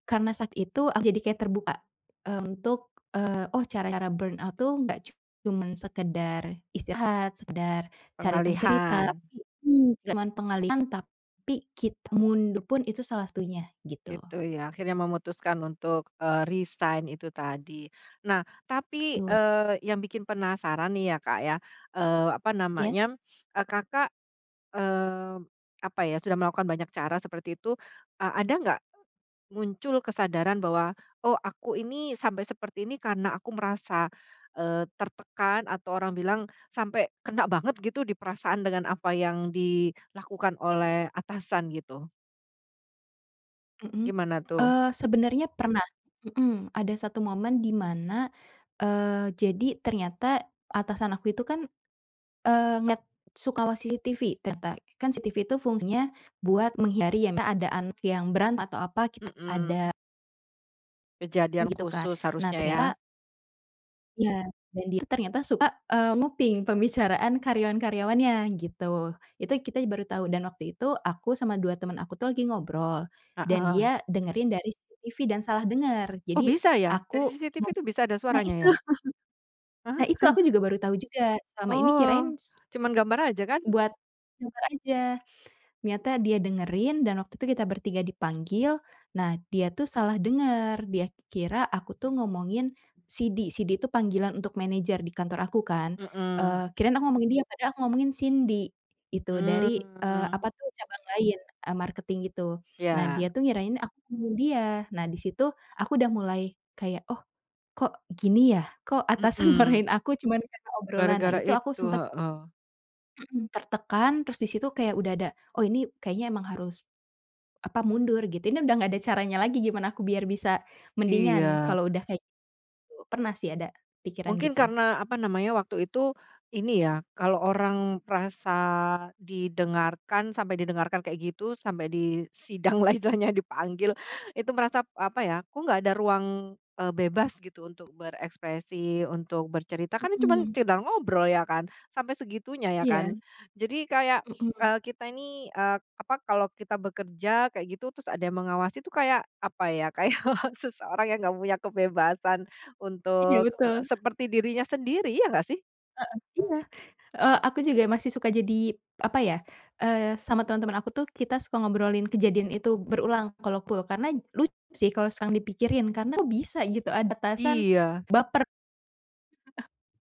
Karena saat itu, aku jadi kayak terbuka, eee, untuk, eee, oh, cara-cara burnout tuh, nggak cuman sekedar istirahat, sekedar cari temen cerita, Pengalihan tapi mhm. Cuma pengalihan, tapi kita mundur pun itu salah satunya, gitu. Gitu ya, akhirnya memutuskan untuk, eee, resign itu tadi. Nah, tapi, Betul. eee, yang bikin penasaran nih ya, Kak ya, eee, apa Iya. namanya, eee, Kakak, eee, apa ya, sudah melakukan banyak cara seperti itu, eee, ada nggak muncul kesadaran bahwa, "Oh, aku ini sampai seperti ini karena aku merasa, eee, tertekan," atau orang bilang, "sampai kena banget gitu di perasaan, dengan apa yang dilakukan oleh atasan." Gitu? Mhm. Gimana tuh? Eee, sebenernya pernah, mhm. Ada 1 momen di mana eee, jadi ternyata atasan aku itu kan, eee, ngelihat suka mengawasi CCTV, ternyata. Kan CCTV itu fungsinya buat menghindari ya misal ada anak yang berantem, atau apa, kita ada. Mhm. Kejadian Gitu kan. khusus Nah harusnya, ya? ternyata Iya, dan dia itu ternyata suka nguping, eee, pembicaraan karyawan-karyawannya, gitu. Itu kita ya baru tau. Dan waktu itu, aku sama 2 temen aku tuh lagi ngobrol, dan dia Heeh. dengerin dari CCTV, dan salah denger. Oh, Jadi, bisa ya? aku Dari CCTV ngob itu bisa ada nah suaranya itu. ya? Nah, Ah! itu, aku juga baru tahu juga, selama ini Oh, kirain, s cuman gambar aja, kan? buat kamera aja. Ternyata dia dengerin, dan waktu itu kita bertiga dipanggil, nah dia tuh salah dengar. Dia kira aku tuh ngomongin Sidi, Sidi itu panggilan untuk manajer di kantor aku, kan. Eee, Mhm. kirain aku ngomongin dia, padahal aku ngomongin Cindy, iitu, dari, eee, Mmm. apa itu, cabang lain, eee, marketing gitu. Nah, dia Iya. tuh ngirain aku ngomongin dia. Nah, di situ aku udah mulai kayak, "Oh, kok gini ya? Kok atasan Mhm. marahin aku cuman karna obrolan?" Nah, Gara-gara itu aku itu, sempat heeh. Mhm, tertekan, terus di situ kayak udah ada, "Oh, ini kayaknya emang harus, apa, mundur," gitu, "ini udah nggak ada caranya lagi gimana aku biar bisa mendingan Iya. kalo udah kayak gitu." Pernah sih ada pikiran Mungkin gitu. karena, apa namanya, waktu itu, ini ya, kalau orang merasa didengarkan, sampai didengarkan kayak gitu, sampai disidang lah istilahnya, dipanggil, itu merasa, apa ya, kok nggak ada ruang, eee, bebas gitu untuk berekspresi, untuk bercerita, kan cuman Mhm. sekedar ngobrol, ya kan? Sampai segitunya, ya kan? Iya. Jadi kayak, Mhm. eee, kita ini, eee, apa, kalau kita bekerja, kayak gitu, terus ada yang mengawasi itu kayak apa ya, kayak seseorang yang nggak punya kebebasan Iya, untuk betul. seperti dirinya sendiri, iya nggak, sih? Heeh, iya. Eee, aku juga masih suka jadi, apa ya, eee, sama temen-temen aku tuh kita suka ngobrolin kejadian itu berulang kalau aku. Karena lucu sih kalau sekarang dipikirin karena kok bisa gitu ada atasan Iya. baper.